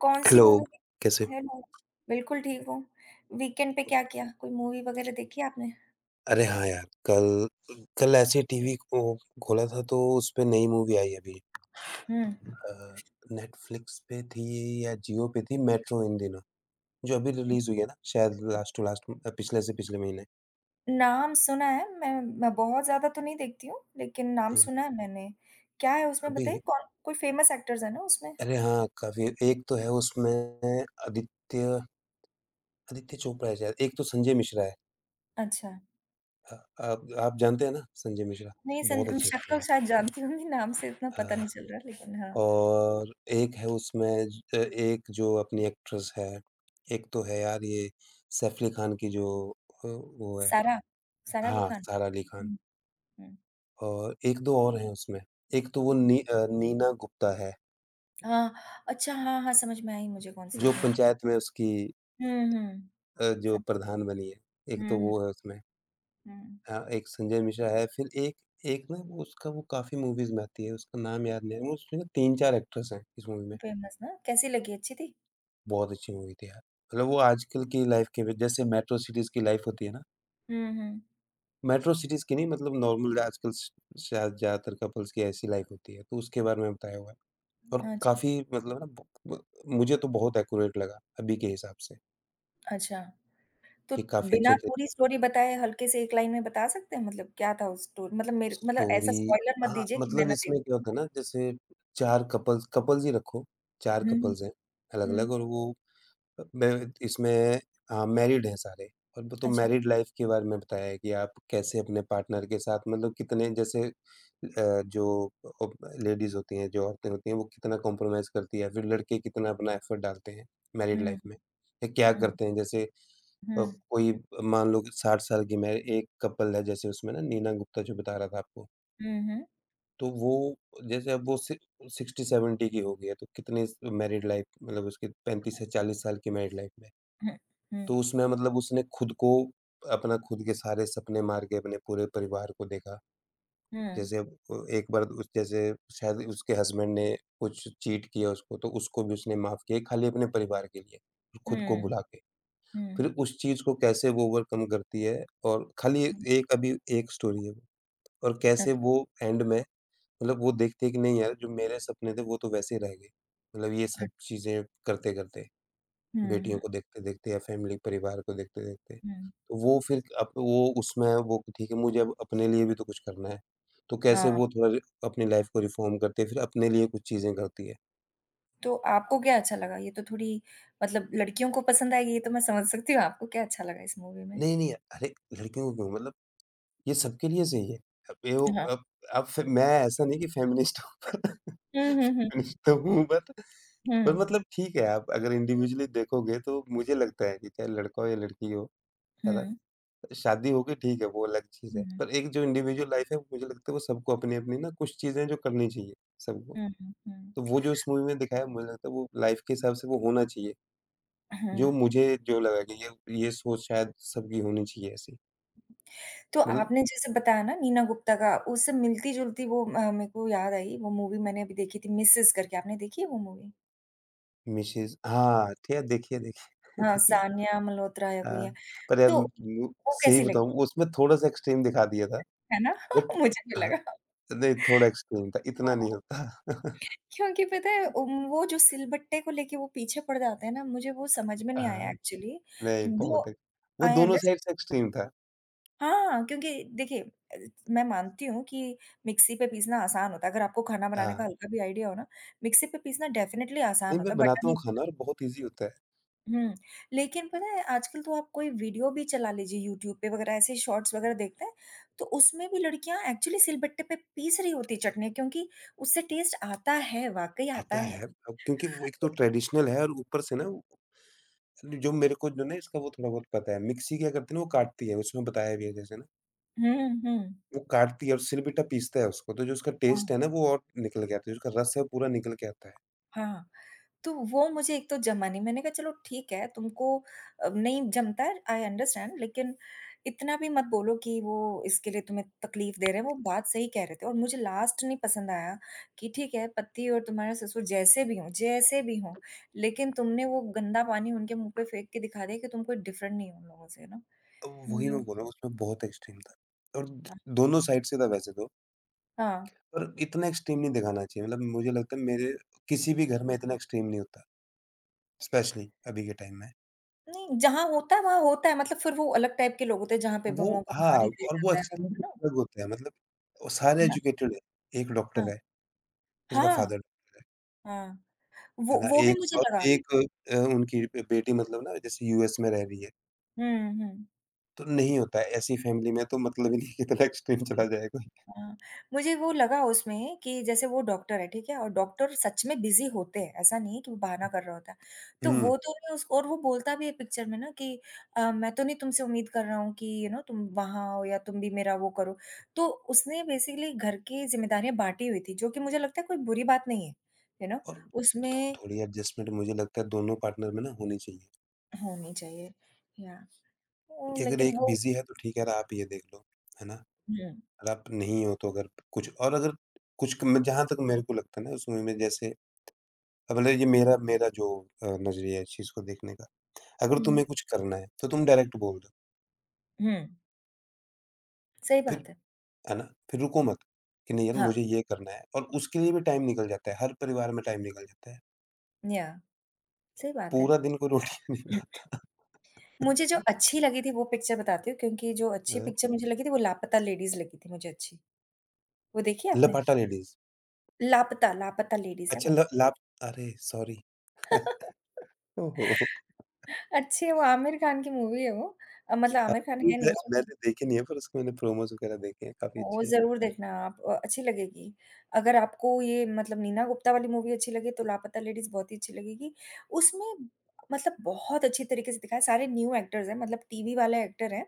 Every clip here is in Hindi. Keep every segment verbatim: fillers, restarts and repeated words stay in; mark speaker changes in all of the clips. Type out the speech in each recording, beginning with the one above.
Speaker 1: कौन-सी
Speaker 2: हेलो,
Speaker 1: मूवी
Speaker 2: कैसे हो?
Speaker 1: देखी? हेलो, बिल्कुल ठीक हूँ, वीकेंड पे क्या किया? कोई मूवी वग़ैरह देखी आपने?
Speaker 2: अरे हाँ यार, कल कल कल ऐसे ही टीवी को खोला था तो उसपे नई मूवी आई अभी।
Speaker 1: हुँ।
Speaker 2: अ, नेटफ्लिक्स पे थी या जियो पे थी, मेट्रो इन दिनों, जो अभी रिलीज़ हुई है ना शायद लास्ट टू लास्ट उम, पिछले से पिछले महीने।
Speaker 1: नाम सुना है। मैं मैं बहुत ज़्यादा तो नहीं देखती हूँ, लेकिन नाम
Speaker 2: हुँ, हुँ।
Speaker 1: सुना है मैंने, क्या है उसमें?
Speaker 2: अभी
Speaker 1: बताइए कौन कोई फेमस एक्टर्स है ना उसमें?
Speaker 2: अरे हाँ, काफ़ी एक तो है उसमें आदित्य आदित्य चोपड़ा है शायद एक तो संजय मिश्रा है।
Speaker 1: अच्छा।
Speaker 2: अ, आप आप जानते हैं ना संजय मिश्रा?
Speaker 1: नहीं,
Speaker 2: बहुत
Speaker 1: सन
Speaker 2: अच्छे एक्टर हैं
Speaker 1: शकल
Speaker 2: यार।
Speaker 1: शायद जानती होंगी, नाम से इतना पता
Speaker 2: अ,
Speaker 1: नहीं चल रहा लेकिन हाँ
Speaker 2: और एक है उसमें ज अ, एक जो अपनी एक्ट्रेस है एक तो है यार ये सैफ अली खान की जो अ, वो है
Speaker 1: सारा सारा अली
Speaker 2: हाँ,
Speaker 1: खान।
Speaker 2: सारा अली खान।
Speaker 1: हुँ। हुँ।
Speaker 2: और एक दो और है उसमें, एक तो वो नी अ, नीना गुप्ता है।
Speaker 1: हाँ, अच्छा। हाँ, हाँ। समझ में आई मुझे, कौन-सी
Speaker 2: जो
Speaker 1: मूवी
Speaker 2: पंचायत में उसकी
Speaker 1: हुँ, हुँ।
Speaker 2: अ, जो
Speaker 1: समझ
Speaker 2: प्रधान बनी है
Speaker 1: हुँ,
Speaker 2: एक तो
Speaker 1: हुँ।
Speaker 2: वो है उसमें।
Speaker 1: हुँ।
Speaker 2: हाँ, एक संजय मिश्रा है, फिर एक एक ना वो उसका वो काफ़ी मूवीज़ में आती है, उसका नाम याद नहीं आ रहा है, मतलब उसमें तीन चार एक्ट्रेस हैं, इस मूवी में।
Speaker 1: फेमस ना? कैसी लगी, अच्छी थी?
Speaker 2: बहुत अच्छी मूवी थी यार, मतलब वो आजकल की लाइफ के जैसे मेट्रो सिटीज़ की लाइफ होती है ना।
Speaker 1: हुँ, हुँ।
Speaker 2: मेट्रो सिटीज़ की नहीं मतलब नॉर्मल आजकल श शायद ज़्यादातर कपल्स की ऐसी लाइफ होती है तो उसके बारे में बताया हुआ है। और
Speaker 1: अच्छा।
Speaker 2: काफ़ी मतलब है ना ब ब मुझे तो बहुत एक्यूरेट लगा, अभी के हिसाब से।
Speaker 1: अच्छा, तो
Speaker 2: की काफ़ी अच्छे
Speaker 1: बिना
Speaker 2: थे।
Speaker 1: पूरी स्टोरी बताए हल्के से एक लाइन में बता सकते हैं? मतलब क्या था उस स्टोरी मतलब मेरे मतलब ऐसा
Speaker 2: स्टोरी
Speaker 1: स्पॉइलर मत
Speaker 2: हाँ,
Speaker 1: दीजिए कि मैं
Speaker 2: मतलब
Speaker 1: ना देख
Speaker 2: इसमें क्या होता है ना जैसे चार कपल्स कपल्स ही रखो, चार
Speaker 1: हुँ,
Speaker 2: कपल्स हैं, अलग-अलग
Speaker 1: हुँ।
Speaker 2: और वो अ, मेरे इसमें अ, मैरिड हैं सारे और वो तो
Speaker 1: अच्छा।
Speaker 2: मैरिड लाइफ के बारे में बताया है कि आप कैसे अपने पार्टनर के साथ मतलब कितने जैसे अ, जो अ, लेडीज़ होती हैं, जो औरतें होती हैं, वो कितना कंप्रोमाइज़ करती है, या फिर लड़के कितना अपना एफर्ट डालते हैं मैरिड
Speaker 1: हुँ,
Speaker 2: लाइफ में। या क्या
Speaker 1: हुँ।
Speaker 2: करते हैं जैसे, अब
Speaker 1: हुँ।
Speaker 2: कोई मान लो साठ साल की मैं एक कपल है जैसे उसमें नीना गुप्ता जो बता रहा था आपको।
Speaker 1: हुँ, हुँ।
Speaker 2: तो वो, जैसे अब वो सिक्सटी सेवेंटी की हो गई है तो कितने मैरिड लाइफ मतलब उसकी पैंतीस से चालीस साल की मैरिड लाइफ में।
Speaker 1: हुँ।
Speaker 2: तो
Speaker 1: हुँ।
Speaker 2: उसमें मतलब उसने खुद को अपना खुद के सारे सपने मार के अपने पूरे परिवार को देखा,
Speaker 1: हुँ।
Speaker 2: जैसे अब अ, एक बार उ जैसे शायद उसके हसबैंड ने कुछ चीट किया उसको तो उसको भी उसने माफ़ किया खाली अपने परिवार के लिए। खुद को
Speaker 1: हुँ।
Speaker 2: भुला के, फिर
Speaker 1: हुँ।
Speaker 2: उस चीज़ को कैसे वो ओवरकम करती है और खाली एक अभी एक स्टोरी है और कैसे
Speaker 1: अच्छा।
Speaker 2: वो एंड में मतलब वो देखती है की नहीं यार, जो मेरे सपने थे वो तो वैसे ही रह गए मतलब ये
Speaker 1: अ
Speaker 2: सब चीज़े करते-करते,
Speaker 1: हुँ,
Speaker 2: बेटियों
Speaker 1: हुँ।
Speaker 2: को देखते-देखते या फैमिली परिवार को देखते-देखते
Speaker 1: हुँ।
Speaker 2: तो वो फिर अब वो उसमें वो ठीक है, मुझे अपने लिए भी तो कुछ करना है। तो कैसे
Speaker 1: अ
Speaker 2: वो थोड़ा अपनी लाइफ को रिफॉर्म करती है फिर अपने लिए कुछ चीज़ें करती है।
Speaker 1: तो आपको क्या अच्छा लगा? ये तो थोड़ी मतलब लड़कियों को पसंद आएगी, ये तो मैं समझ सकती हूँ, आपको क्या अच्छा लगा इस मूवी में?
Speaker 2: नहीं-नहीं, अरे! लड़कियों को क्यों मतलब, ये सबके लिए सही है। अब ये वो
Speaker 1: हाँ।
Speaker 2: अब अब फिर मैं ऐसा नहीं कि फ़ेमिनिस्ट हूँ।
Speaker 1: हुँ, हुँ, हुँ।
Speaker 2: फ़ेमिनिस्ट तो हूँ बट पर
Speaker 1: हुँ।
Speaker 2: मतलब ठीक है, आप अगर इंडिविजुअली देखोगे तो मुझे लगता है कि चाहे लड़का हो या लड़की हो, है ना?
Speaker 1: हुँ।
Speaker 2: शादी हो गई ठीक है, वो अलग चीज़ है।
Speaker 1: हुँ।
Speaker 2: पर एक जो इंडिविडुअल लाइफ़ है मुझे लगता है, वो सबको अपनी-अपनी ना कुछ चीज़ें हैं जो करनी चाहिए, सबको।
Speaker 1: हुँ, हुँ, हुँ।
Speaker 2: तो वो जो उस मूवी में दिखाया मुझे लगता है वो लाइफ़ के हिसाब से वो होना चाहिए।
Speaker 1: अ,
Speaker 2: जो
Speaker 1: हुँ।
Speaker 2: मुझे जो लगा कि ये ये सोच शायद सबकी होनी चाहिए ऐसी।
Speaker 1: तो
Speaker 2: मतलब
Speaker 1: आपने जैसे बताया ना नीना गुप्ता का, उससे मिलती-जुलती वो म मेको याद आई वो मूवी मैंने अभी देखी थी, मिसेज़ करके। आपने देखी है वो मूवी?
Speaker 2: मिसेज़ हाँ, ठीक है, देखी है, देखी है,
Speaker 1: हाँ,
Speaker 2: देखी है।
Speaker 1: सानिया मल्होत्रा या कोई
Speaker 2: हाँ,
Speaker 1: है,
Speaker 2: पर यार
Speaker 1: तो
Speaker 2: म
Speaker 1: वो
Speaker 2: सही
Speaker 1: कैसी लगी?
Speaker 2: बताऊँ उसमें थोड़ा-सा एक्सट्रीम दिखा दिया था।
Speaker 1: है ना?
Speaker 2: बट
Speaker 1: मुझे भी
Speaker 2: हाँ,
Speaker 1: लगा।
Speaker 2: नहीं थोड़ा एक्सट्रीम था, इतना नहीं
Speaker 1: हाँ।
Speaker 2: होता।
Speaker 1: क्योंकि पता है उन्ह वो जो सिलबट्टे को लेके वो पीछे पड़ जाते हैं ना, मुझे वो समझ में
Speaker 2: अ,
Speaker 1: नहीं आया
Speaker 2: हाँ,
Speaker 1: एक्चुअली।
Speaker 2: नहीं
Speaker 1: जो
Speaker 2: बहुत है, वो
Speaker 1: आई
Speaker 2: दोनों
Speaker 1: अंडरस्टैंड।
Speaker 2: साइड से एक्सट्रीम था।
Speaker 1: हाँ, हाँ, क्योंकि देखिए अ, मैं मानती हूँ कि मिक्सी पे पीसना आसान होता है, अगर आपको खाना बनाने का
Speaker 2: आ
Speaker 1: हल्का भी आइडिया हो ना, मिक्सी पे पीसना डेफिनिटली आसान
Speaker 2: नहीं,
Speaker 1: होता
Speaker 2: मैं
Speaker 1: है। बट
Speaker 2: बनाता
Speaker 1: अभी
Speaker 2: हूँ खाना और बहुत ईज़ी होता है।
Speaker 1: हुँ, लेकिन पता है आजकल तो आप कोई वीडियो भी चला लीजिए यूट्यूब पे वगैरह ऐसे शॉर्ट्स वगैरह देखते हैं, तो उसमें भी लड़कियाँ एक्चुअली सिलबट्टे पर पीस रही होती हैं चटनी क्योंकि उससे टेस्ट आता है, वाक़ई आता
Speaker 2: आता
Speaker 1: है।
Speaker 2: है। अ, क्योंकि वो एक तो ट्रेडिशनल है और ऊपर से ना न जो मेरे को जो ना इसका वो थोड़ा बहुत पता है, मिक्सी क्या करती है ना वो काटती है। उसमें बताया भी है जैसे ना।
Speaker 1: हुँ, हुँ, हुँ।
Speaker 2: वो काटती है और सील बिट्टा पीसता है उसको, तो जो उसका
Speaker 1: हाँ।
Speaker 2: टेस्ट है ना वो और निकल के आता है, उसका रस है वो पूरा निकल के आता है।
Speaker 1: हाँ, हाँ। तो वो मुझे एक तो जमा नहीं, मैंने कहा चलो ठीक है, तुमको अ, नहीं जमता है, आई अंडरस्टैंड लेकिन इतना भी मत बोलो कि वो इसके लिए तुम्हें तकलीफ दे रहे हैं वो बात सही कह रहे थे और मुझे लास्ट नहीं पसंद आया, कि ठीक है पति और तुम्हारे ससुर जैसे भी हो जैसे भी हो, लेकिन तुमने वो गंदा पानी उनके मुँह पर फेंक के दिखा दिया कि तुम कोई डिफरेंट नहीं हो उन लोगों से यू नो।
Speaker 2: ओ वही मैं
Speaker 1: [unintelligible]
Speaker 2: बोल रहा हूँ उसमें बहुत एक्सट्रीम था और द
Speaker 1: हाँ।
Speaker 2: दोनों साइड से था वैसे तो।
Speaker 1: हाँ।
Speaker 2: पर इतना एक्सट्रीम नहीं दिखाना चाहिए, मतलब मुझे लगता है मेरे किसी भी घर में इतना एक्सट्रीम नहीं होता। स्पेशली अभी के टाइम में।
Speaker 1: नहीं जहाँ होता है वहाँ होता है, मतलब फिर वो अलग टाइप के लोग होते हैं। जहाँ पे
Speaker 2: वो
Speaker 1: बहुओं को
Speaker 2: हाँ
Speaker 1: मार ही दिया
Speaker 2: और वो
Speaker 1: जाता है,
Speaker 2: एक्चुअली
Speaker 1: है ना?
Speaker 2: [unintelligible] अलग होते हैं, मतलब वो सारे
Speaker 1: अ, हाँ
Speaker 2: एजुकेटेड हैं, एक
Speaker 1: हाँ।
Speaker 2: डॉक्टर है, उसका
Speaker 1: हाँ,
Speaker 2: फादर होता है।
Speaker 1: हाँ,
Speaker 2: है
Speaker 1: वो
Speaker 2: ना?
Speaker 1: वो भी
Speaker 2: एक
Speaker 1: मुझे
Speaker 2: और
Speaker 1: लगा।
Speaker 2: एक अ, उनकी बेटी मतलब ना जैसे यूएस में रह रही है।
Speaker 1: हुँ, हुँ।
Speaker 2: तो नहीं होता है, ऐसी फैमिली में तो मतलब ही नहीं है कि इतना एक्सट्रीम चला जाए कोई।
Speaker 1: हाँ, मुझे वो लगा उसमें कि जैसे वो डॉक्टर है, ठीक है? और डॉक्टर सच में बिज़ी होते हैं, ऐसा नहीं है कि वो बहाना कर रहा होता है। तो
Speaker 2: हुँ।
Speaker 1: वो तो उसको और वो बोलता भी है पिक्चर में ना कि अ, मैं तो नहीं तुमसे उम्मीद कर रहा हूँ कि यू नो तुम वहाँ आओ या तुम भी मेरा वो करो। तो उसने बेसिकली घर की ज़िम्मेदारियाँ बाँटी हुई थी जो कि मुझे लगता है कोई बुरी बात नहीं है। यू नो
Speaker 2: और थो
Speaker 1: उसमें
Speaker 2: थोड़ी एडजस्टमेंट मुझे लगता है दोनों पार्टनर में ना, होनी चाहिए।
Speaker 1: होनी चाहिए, या, उ
Speaker 2: क्योंकि अगर
Speaker 1: लेकिन
Speaker 2: एक
Speaker 1: वो।
Speaker 2: बिज़ी है तो ठीक है यार आप ये देख लो, है ना?
Speaker 1: हुँ।
Speaker 2: अगर आप नहीं हो तो अगर कुछ और अगर कुछ जहाँ तक मेरे को लगता है ना उस मूवी में जैसे, अब बोले जी मेरा मेरा जो अ, नज़रिया है इस चीज़ को देखने का। अगर
Speaker 1: हुँ।
Speaker 2: तुम्हें कुछ करना है तो तुम डायरेक्ट बोल दो।
Speaker 1: हुँ। सही
Speaker 2: फिर,
Speaker 1: बात है।
Speaker 2: है ना? फिर रुको मत कि नहीं यार
Speaker 1: हाँ।
Speaker 2: मुझे ये करना है और उसके लिए भी टाइम निकल जाता है। हर परिवार में टाइम निकल जाता है।
Speaker 1: या, सही बात है।
Speaker 2: पूरा दिन कोई रोटी नहीं खाता।
Speaker 1: मुझे जो अच्छी लगी थी वो पिक्चर बताती हूँ क्योंकि जो अच्छी
Speaker 2: अ
Speaker 1: पिक्चर मुझे लगी थी वो लापता लेडीज़ लगी थी मुझे अच्छी। वो देखी है आपने?
Speaker 2: लपाटा लेडीज़।
Speaker 1: लापता लापता लेडीज़ है
Speaker 2: अच्छा
Speaker 1: वो।
Speaker 2: ल ला अरे सॉरी। ओह! हो हो।
Speaker 1: अच्छी है वो आमिर खान की मूवी है वो, मतलब
Speaker 2: अ,
Speaker 1: आमिर खान है
Speaker 2: [unintelligible]
Speaker 1: नहीं
Speaker 2: मैं
Speaker 1: उस
Speaker 2: मैंने देखी नहीं है पर उसके मैंने प्रोमोज़ वगैरह देखे हैं, काफ़ी
Speaker 1: वो
Speaker 2: अच्छी है।
Speaker 1: ज़रूर देखना आप अच्छी लगेगी, अगर आपको ये मतलब नीना गुप्ता वाली मूवी अच्छी लगे तो लापता लेडीज़ बहुत ही अच्छी लगेगी। उसमें मतलब बहुत अच्छी तरीके से दिखाया, सारे न्यू एक्टर्स हैं, मतलब टीवी वाले एक्टर हैं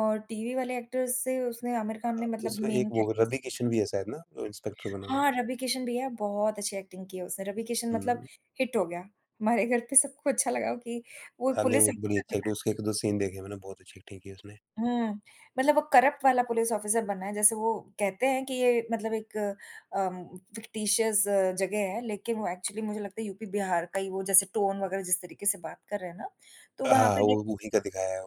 Speaker 1: और टीवी वाले एक्टर्स से उसने आमिर खान ने
Speaker 2: अ,
Speaker 1: मतलब
Speaker 2: उसमें एक
Speaker 1: मेन
Speaker 2: वो
Speaker 1: कैरेक्टर्स
Speaker 2: रवि किशन भी है शायद ना? वो इंस्पेक्टर बना हुआ है।
Speaker 1: हाँ, रवि किशन भी है बहुत अच्छी एक्टिंग की है उसने। रवि किशन मतलब
Speaker 2: हुँ।
Speaker 1: हिट हो गया। हमारे घर पे सबको अच्छा लगा हो कि वो
Speaker 2: हाँ, नहीं
Speaker 1: पुलिस
Speaker 2: वो बड़ी अच्छी एक्टिंग
Speaker 1: [unintelligible]
Speaker 2: उसके एक दो सीन देखे हैं मैंने बहुत अच्छी एक्टिंग की है उसने।
Speaker 1: हुँ। मतलब वो करप्ट वाला पुलिस ऑफिसर बनना है जैसे वो कहते हैं कि ये मतलब एक अ, फिक्टिशियस जगह है लेकिन वो एक्चुअली मुझे लगता है यूपी-बिहार का ही वो जैसे टोन वगैरह जिस तरीके से बात कर रहे हैं ना तो वहाँ
Speaker 2: हाँ,
Speaker 1: पे ये
Speaker 2: वो वही का दिखाया है।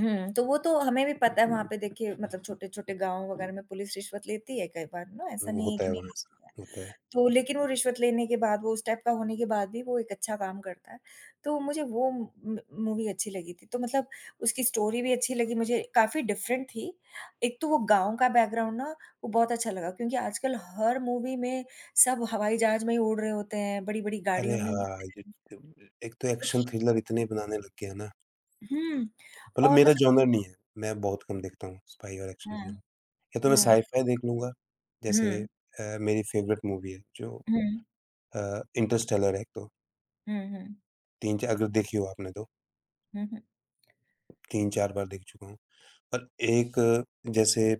Speaker 1: हुँ, तो वो तो हमें भी पता है वहाँ पे देखिए मतलब छोटे-छोटे गाँव वग़ैरह में पुलिस रिश्वत लेती है कई बार ना, ऐसा
Speaker 2: वो
Speaker 1: नहीं है
Speaker 2: होता
Speaker 1: कि
Speaker 2: है
Speaker 1: नहीं
Speaker 2: वो
Speaker 1: लेती
Speaker 2: ऐसा,
Speaker 1: है,
Speaker 2: होता है।
Speaker 1: तो लेकिन वो रिश्वत लेने के बाद, वो उस टाइप का होने के बाद भी, वो एक अच्छा काम करता है, तो मुझे वो म म मूवी अच्छी लगी थी, तो मतलब उसकी स्टोरी भी अच्छी लगी मुझे, काफ़ी डिफरेंट थी, एक तो वो गाँव का बैकग्राउंड ना वो बहुत अच्छा लगा, क्योंकि आजकल हर मूवी में सब हवाई जहाज में ही उड़ रहे होते हैं, बड़ी-बड़ी
Speaker 2: अरे
Speaker 1: गाड़ियों में
Speaker 2: हाँ,
Speaker 1: घूमते हैं।
Speaker 2: [unintelligible] एक तो एक्शन थ्रिलर इतने बनाने लग गयें है ना
Speaker 1: हुँ
Speaker 2: मतलब
Speaker 1: और
Speaker 2: मेरा
Speaker 1: मतलब
Speaker 2: जोनर नहीं है, मैं बहुत कम देखता हूँ स्पाई और एक्शन थ्रिलर,
Speaker 1: हुँ।
Speaker 2: या तो मैं
Speaker 1: हुँ।
Speaker 2: साय-फ़ाय देख लूँगा जैसे
Speaker 1: हुँ।
Speaker 2: अ, मेरी फ़ेवरेट मूवी है जो
Speaker 1: हुँ।
Speaker 2: अ, इंटरस्टेलर है एक तो।
Speaker 1: हुँ, हुँ।
Speaker 2: तीन चार अगर देखी हो आपने तो
Speaker 1: हुँ, हुँ।
Speaker 2: तीन चार बार देख चुका हूँ और एक जैसे अ,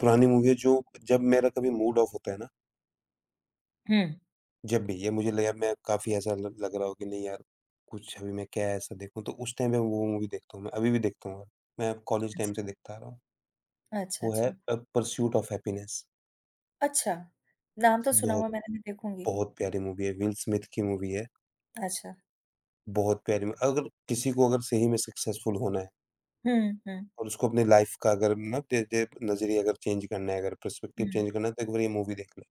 Speaker 2: पुरानी मूवी है जो जब मेरा कभी मूड ऑफ़ होता है ना
Speaker 1: हुँ।
Speaker 2: जब भी या मुझे लगेगा, मैं काफ़ी ऐसा ल लग रहा हो कि, नहीं यार, कुछ अभी मैं क्या ऐसा देखूँ? तो उस टाइम पे वो मूवी देखता हूँ मैं, अभी भी देखता हूँ मैं, मैं कॉलेज
Speaker 1: अच्छा।
Speaker 2: टाइम से देखता आ रहा हूँ।
Speaker 1: अच्छा,
Speaker 2: वो है
Speaker 1: अच्छा।
Speaker 2: अ, परसूट ऑफ़ हैप्पीनेस।
Speaker 1: अच्छा, नाम तो सुना
Speaker 2: बहुत
Speaker 1: हुआ है मैंने, मैं देखूँगी।
Speaker 2: बहुत प्यारी मूवी है, विल स्मिथ की मूवी है।
Speaker 1: अच्छा।
Speaker 2: बहुत प्यारी ल अगर किसी को अगर सही में सक्सेसफुल होना है
Speaker 1: हुँ, हुँ, हुँ।
Speaker 2: और उसको अपनी लाइफ़ का अगर ना दे दे नज़रिया अगर चेंज करना है, अगर पर्सपेक्टिव
Speaker 1: हुँ।
Speaker 2: चेंज करना है, तो एक बार ये मूवी देख लो।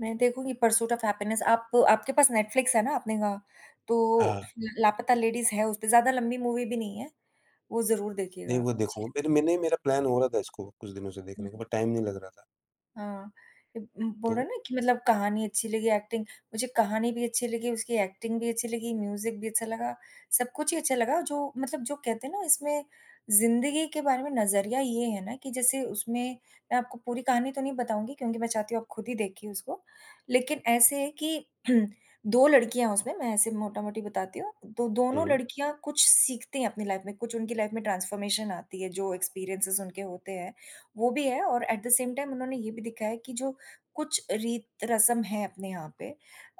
Speaker 1: मैं देखूँगी परसूट ऑफ़ हैप्पीनेस। आपको आपके पास नेटफ्लिक्स है ना आपने कहा, तो
Speaker 2: हाँ।
Speaker 1: ल लापता लेडीज़ है उसपे, ज़्यादा लंबी मूवी भी नहीं है, वो ज़रूर
Speaker 2: नहीं,
Speaker 1: देखिएगा आप।
Speaker 2: वो
Speaker 1: जी।
Speaker 2: देखूँगा [unintelligible] मैंने मेरा प्लान हो रहा था इसको कुछ दिनों से देखने का
Speaker 1: हुँ।
Speaker 2: बट टाइम नहीं लग रहा था।
Speaker 1: हाँ, इ उम, बोल
Speaker 2: तो
Speaker 1: रहे हो ना कि मतलब कहानी अच्छी लगी एक्टिंग मुझे कहानी भी अच्छी लगी, उसकी एक्टिंग भी अच्छी लगी, म्यूज़िक भी अच्छा लगा। सब कुछ ही अच्छा लगा जो मतलब जो कहते हैं ना, इसमें ज़िंदगी के बारे में नज़रिया ये है ना कि जैसे उसमें मैं आपको पूरी कहानी तो नहीं बताऊँगी क्योंकि मैं चाहती हूँ आप खुद ही देखिए उसको। लेकिन ऐसे है कि दो लड़कियाँ हैं उसमें, मैं ऐसे मोटामोटी बताती हूँ, तो दोनों
Speaker 2: हुँ।
Speaker 1: लड़कियाँ कुछ सीखती हैं अपनी लाइफ़ में, कुछ उनकी लाइफ़ में ट्रांसफॉर्मेशन आती है, जो एक्सपीरियेंसेज़ उनके होते हैं। वो भी है और एट द सेम टाइम उन्होंने ये भी दिखाया है कि, जो कुछ रीत रस्म है अपने यहाँ पे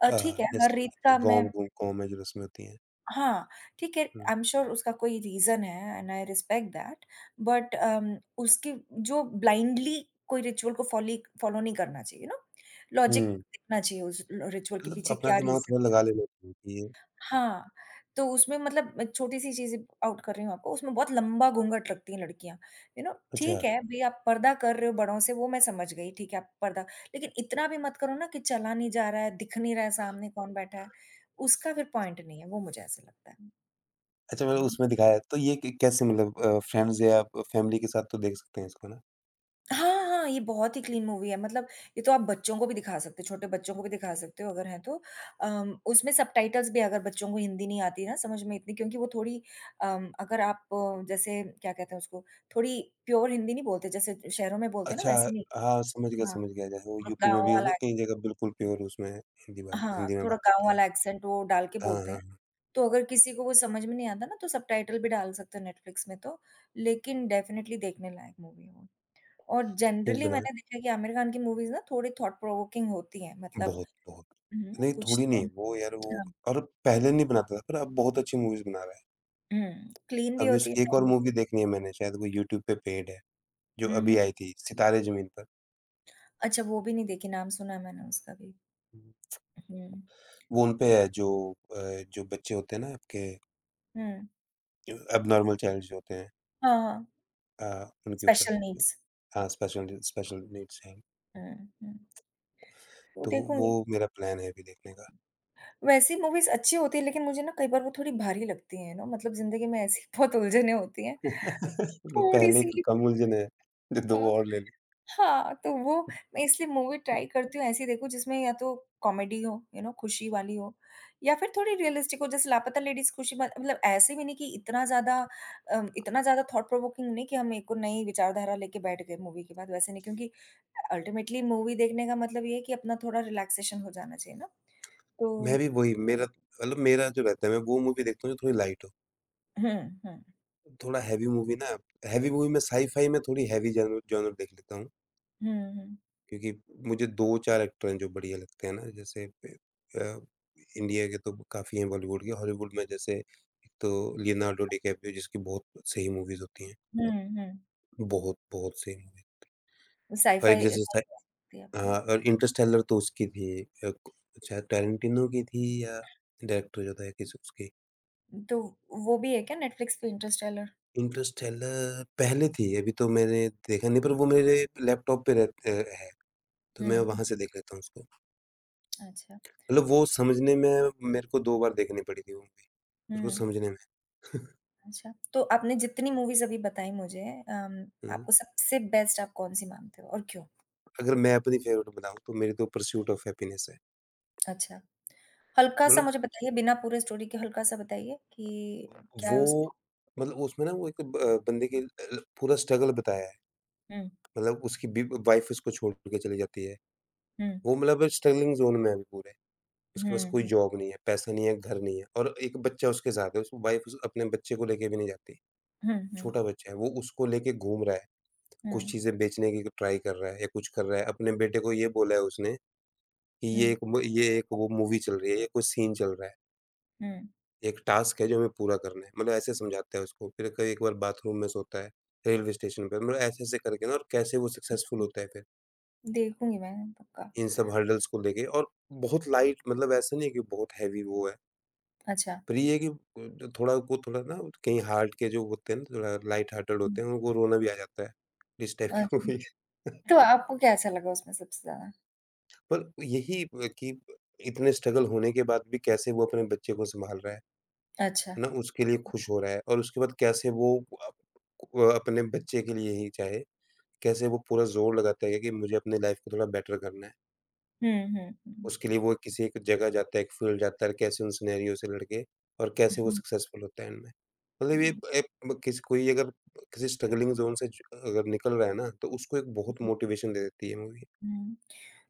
Speaker 1: अ, ठीक
Speaker 2: अ,
Speaker 1: है, हर रीत
Speaker 2: जैसे जो
Speaker 1: का मैं
Speaker 2: गाँव गूँ गाँव में जो रस्में होती हैं।
Speaker 1: हाँ, ठीक है।
Speaker 2: हुँ।
Speaker 1: आई एम श्योर उसका कोई रीज़न है and I respect that, but um, उसकी जो ब्लाइंडली कोई रिचुअल को फोलीक फॉलो नहीं करना चाहिए यू नो? लॉजिक
Speaker 2: हुँ।
Speaker 1: देखना चाहिए उस ल रिचुअल के
Speaker 2: मतलब
Speaker 1: पीछे
Speaker 2: अपना
Speaker 1: क्या
Speaker 2: दिमाग
Speaker 1: रीज़न
Speaker 2: थोड़ा
Speaker 1: था।
Speaker 2: लगा लेना चाहिए। [unintelligible]
Speaker 1: हाँ, तो उसमें मतलब एक छोटी-सी चीजें आउट कर रही हूँ आपको, उसमें बहुत लंबा घूंघट लगती है लड़कियाँ, यू नो
Speaker 2: अच्छा।
Speaker 1: ठीक है, भई आप पर्दा कर रहे हो बढ़ो से वो मैं समझ गई ठीक है आप पर्दा लेकिन इतना भी मत करो ना कि चला नहीं जा रहा है, दिख नहीं रहा है सामने कौन बैठा है, उसका फिर पॉइंट नहीं है। वो मुझे ऐसा लगता है।
Speaker 2: अच्छा
Speaker 1: है
Speaker 2: मतलब
Speaker 1: ना?
Speaker 2: उसमें दिखाया, तो ये क कैसे मतलब अ, फ्रेंड्स या फैमिली के साथ तो देख सकते हैं इसको ना?
Speaker 1: हाँ, हाँ, ये बहुत ही क्लीन मूवी है, मतलब ये तो आप बच्चों को भी दिखा सकते हो, छोटे बच्चों को भी दिखा सकते हो अगर है तो। अम, उसमें सबटाइटल्स भी अगर बच्चों को हिंदी नहीं आती ना समझ में इतनी क्योंकि वो थोड़ी अम, अगर आप जैसे क्या कहते हैं उसको थोड़ी प्योर हिंदी नहीं बोलते जैसे शहरों में बोलते हैं ना
Speaker 2: अच्छा।
Speaker 1: वैसे नहीं।
Speaker 2: अ, हाँ, समझ गया,
Speaker 1: हाँ,
Speaker 2: समझ गया जैसे वो
Speaker 1: वो
Speaker 2: यूपी में
Speaker 1: गाँव
Speaker 2: भी है ना
Speaker 1: वाला है।
Speaker 2: कई जगह बिल्कुल प्योर उसमें, हिंदी वाल
Speaker 1: हाँ,
Speaker 2: हिंदी में
Speaker 1: थोड़ा
Speaker 2: बात
Speaker 1: गाँव
Speaker 2: करते हैं।
Speaker 1: वाला एक्सेंट वो डाल के
Speaker 2: हाँ, हाँ,
Speaker 1: बोलते हैं।
Speaker 2: हाँ।
Speaker 1: तो अगर किसी को कुछ समझ में नहीं आता ना तो सबटाइटल भी डाल सकते हैं नेटफ्लिक्स में तो, लेकिन डेफिनिटली देखने लायक मूवी है वो। और जेनरली
Speaker 2: [unintelligible]
Speaker 1: मैंने देखा है कि आमिर खान की मूवीज़ ना थोड़ी थॉट प्रोवोकिंग होती है मतलब
Speaker 2: बहुत, बहुत।
Speaker 1: हुँ,
Speaker 2: नहीं
Speaker 1: कुछ
Speaker 2: थोड़ी
Speaker 1: तो
Speaker 2: नहीं वो यार वो
Speaker 1: हाँ।
Speaker 2: और पहले नहीं बनाता था पर अब बहुत अच्छी मूवीज़ बना रहा है।
Speaker 1: हुँ, क्लीन भी
Speaker 2: अभी
Speaker 1: होती है
Speaker 2: उसकी एक और
Speaker 1: फैमिली
Speaker 2: मूवी देखनी है मैंने शायद वो यूट्यूब पे पेड है, जो
Speaker 1: हुँ,
Speaker 2: अभी
Speaker 1: हुँ।
Speaker 2: आयी थी सितारे ज़मीन पर।
Speaker 1: अच्छा वो भी नहीं देखी नाम सुना है मैंने उसका भी। हुँ।
Speaker 2: वो उनपे है जो अ, जो बच्चे होते हैं ना आपके।
Speaker 1: हुँ।
Speaker 2: एब्नॉर्मल चाइल्ड्स जो होते हैं।
Speaker 1: हाँ, हाँ।
Speaker 2: अ, उनके ऊपर
Speaker 1: स्पेशल
Speaker 2: है।
Speaker 1: नीड्स।
Speaker 2: हाँ, स्पेशल स्पेशल नीड्स हैं।
Speaker 1: हुँ, हुँ।
Speaker 2: तो वो
Speaker 1: देखूँगी।
Speaker 2: मेरा प्लान है अभी देखने का।
Speaker 1: वैसी मूवीज़ अच्छी होती है लेकिन मुझे ना कई बार वो थोड़ी भारी लगती है ना मतलब ज़िंदगी में ऐसी बहुत उलझने होती हैं,
Speaker 2: पहले की
Speaker 1: थोड़ी-सी
Speaker 2: कम उलझनें हैं जो दो
Speaker 1: अ,
Speaker 2: और ले लूँ।
Speaker 1: हाँ तो वो मैं इसलिए मूवी ट्राई करती हूँ ऐसी देखो जिसमें या तो कॉमेडी हो, यू नौ खुशी वाली हो या फिर थोड़ी रियलिस्टिक हो जैसे लापता लेडीज खुशी ब मतलब ऐसे भी नहीं कि इतना ज़्यादा अम, इतना ज़्यादा थॉट प्रोवोकिंग नहीं कि हम एक को नई विचारधारा लेके बैठ गए मूवी के बाद वैसे नहीं, क्योंकि अल्टीमेटली मूवी देखने का मतलब ये है कि अपना थोड़ा रिलैक्सेशन हो जाना चाहिए ना। तो
Speaker 2: मेरी वही, मेरा मतलब मेरा जो रहता है मैं वो मूवी देखता हूँ जो थोड़ी लाइट हो।
Speaker 1: हुँ, हुँ।
Speaker 2: थोड़ा हेवी मूवी ना हेवी मूवी में साई-फाई में थोड़ी हेवी ज़रूर ज़रूर देख लेता हूँ।
Speaker 1: हुँ, हुँ।
Speaker 2: क्योंकि मुझे दो चार एक्टर हैं जो बढ़िया लगते हैं ना, जैसे ए अ, इंडिया के तो काफ़ी है बॉलीवुड के, हॉलीवुड में जैसे एक तो लियोनार्डो डिकैप्रियो जिसकी बहुत सही मूवीज होती है।
Speaker 1: हुँ, हुँ।
Speaker 2: बहुत बहुत सही मूवी थ और एक
Speaker 1: साइ-फाइ
Speaker 2: जैसे
Speaker 1: एक्साइट
Speaker 2: स
Speaker 1: कर सकती है आपको।
Speaker 2: हाँ और इंटरस्टेलर तो उसकी भी एक अ, को चाहे टारेंटिनो की थी या डायरेक्टर जो होता है किस उसकी।
Speaker 1: तो, वो भी है
Speaker 2: तो
Speaker 1: क्या नेटफ्लिक्स पे इंटरस्टेलर?
Speaker 2: इंटरस्टेलर पहले थी, अभी तो मैंने देखा नहीं पर वो मेरे लैपटॉप पे रहते है। तो
Speaker 1: हुँ,
Speaker 2: मैं
Speaker 1: हुँ।
Speaker 2: वहाँ से देख लेता हूँ उसको।
Speaker 1: अच्छा।
Speaker 2: मतलब वो समझने में मेरे को दो बार देखनी पड़ी थी वो मूवी, उसको
Speaker 1: हुँ।
Speaker 2: समझने में।
Speaker 1: अच्छा, तो आपने जितनी मूवीज़ अभी बताई मुझे अम,
Speaker 2: हुँ।
Speaker 1: आपको सबसे बेस्ट आप कौन-सी मानते हो? और क्यों?
Speaker 2: अगर मैं अपनी फेवरेट बताऊँ, तो मेरे तो परस्यूट ऑफ हैप्पीनेस है।
Speaker 1: अच्छा। हल्का-सा
Speaker 2: मतलब
Speaker 1: मुझे बताइए बिना पूरे स्टोरी के हल्का-सा बताइए, कि क्या है उसमें?
Speaker 2: वो मतलब उसमें ना वो एक ब बंदे के अ, पूरा स्ट्रगल बताया है।
Speaker 1: हुँ।
Speaker 2: मतलब उसकी बि वाइफ उसको छोड़ के चली जाती है,
Speaker 1: हुँ।
Speaker 2: वो मतलब स्ट्रगलिंग जोन में है अभी पूरे। उसके पास
Speaker 1: हुँ,
Speaker 2: कोई
Speaker 1: हुँ।
Speaker 2: जॉब नहीं है, पैसे नहीं है, घर नहीं है और एक बच्चा उसके साथ है उसकी वाइफ उस अपने बच्चे को लेके भी नहीं जाती।
Speaker 1: हुँ, हुँ।
Speaker 2: छोटा बच्चा है वो उसको लेके घूम रहा है, कुछ
Speaker 1: हुँ।
Speaker 2: चीज़ें बेचने की क ट्राई कर रहा है या कुछ कर रहा है, अपने बेटे को ये बोला है उसने, कि ये
Speaker 1: हुँ।
Speaker 2: एक वो ये एक वो मूवी चल रही है, ये कोई सीन चल रहा है।
Speaker 1: हुँ।
Speaker 2: एक टास्क है जो हमें पूरा करना है मतलब ऐसे समझाते है उसको, फिर क एक बार बाथरूम में सोता है, रेलवे स्टेशन पे, मतलब ऐसे, ऐसे करके ना और कैसे वो सक्सेसफुल होता है फिर
Speaker 1: देखूँगी मैं, पक्का।
Speaker 2: इन सब हर्डल्स को लेके और बहुत लाइट मतलब ऐसा नहीं है कि बहुत हेवी वो है
Speaker 1: अच्छा।
Speaker 2: पर ये है कि अ ज थोड़ा वो थोड़ा ना कहीं हार्ट के जो होते है ना, थोड़ा लाइट हार्टेड
Speaker 1: हुँ।
Speaker 2: होते हैं, उनको रोना भी आ जाता है, इस टाइप की
Speaker 1: अच्छा,
Speaker 2: मूवी है।
Speaker 1: तो आपको क्या ऐसा लगा उसमें सबसे ज़्यादा?
Speaker 2: पर यही अ, कि ब इतने स्ट्रगल होने के बाद भी कैसे वो अपने बच्चे को सँभाल रहा है,
Speaker 1: अच्छा।
Speaker 2: है ना? उसके लिए खुश हो रहा है और उसके बाद कैसे वो अ, वह अपने बच्चे के लिए ही चाहे, कैसे वो पूरा ज़ोर लगाता है कि मुझे अपनी लाइफ़ को थोड़ा बेटर करना है।
Speaker 1: हुँ, हुँ, हुँ।
Speaker 2: उसके लिए वो किसी एक जगह जाता है, एक फील्ड जाता और कैसे उन सिनेरियो से लड़के और कैसे वो
Speaker 1: हुँ।
Speaker 2: सक्सेसफुल होता हैं एंड में। मतलब ये
Speaker 1: हुँ।
Speaker 2: एक एक ब किस कोई अगर अ, किसी स्ट्रगलिंग ज़ोन से जो अ अगर निकल रहा है ना, तो उसको एक
Speaker 1: हुँ,
Speaker 2: बहुत
Speaker 1: हुँ।
Speaker 2: मोटिवेशन दे देती है ये मूवी
Speaker 1: हुँ,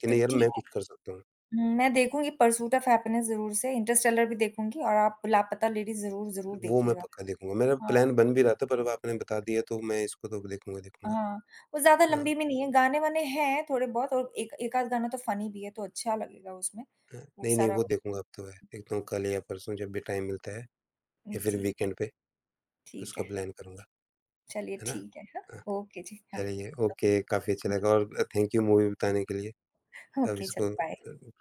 Speaker 2: कि
Speaker 1: तो
Speaker 2: नहीं यार
Speaker 1: ठीक
Speaker 2: मैं
Speaker 1: है,
Speaker 2: कुछ कर सकता हूँ।
Speaker 1: उम, मैं देखूँगी परसूट ऑफ हैप्पीनेस ज़रूर से, इंटरस्टेलर भी देखूँगी और आप लापता लेडीज़ ज़रूर, ज़रूर
Speaker 2: वो मैं
Speaker 1: देखिएगा।
Speaker 2: पक्का देखूँगा, मेरा
Speaker 1: हाँ।
Speaker 2: प्लान बन भी रहा था पर अब आपने बता दिया तो मैं इसको तो अब देखूँगा ही देखूँगा।
Speaker 1: हाँ, वो ज़्यादा
Speaker 2: हाँ।
Speaker 1: लम्बी भी नहीं है, गाने-वाने हैं थोड़े-बहुत और एक एक आध गाना तो फनी भी है, तो अच्छा लगेगा उसमें,
Speaker 2: हाँ।
Speaker 1: वो
Speaker 2: नहीं, नहीं।
Speaker 1: सारा
Speaker 2: वो देखूँगा अब तो वह, देखता हूँ कल या परसों जब भी टाइम मिलता है
Speaker 1: हुँ,
Speaker 2: या फिर
Speaker 1: ठीक है।
Speaker 2: वीकेंड पे,
Speaker 1: ठीक
Speaker 2: इसका
Speaker 1: है।
Speaker 2: प्लान करूँगा,
Speaker 1: चलिए
Speaker 2: है ना?
Speaker 1: ठीक है, हाँ।
Speaker 2: हाँ।
Speaker 1: ओके जी, हाँ।
Speaker 2: चलिए ओके, काफ़ी अच्छा लगा और अ, थैंक यू मूवी बताने के लिए, अब
Speaker 1: ओके, चलो बाय।
Speaker 2: इसको [unintelligible]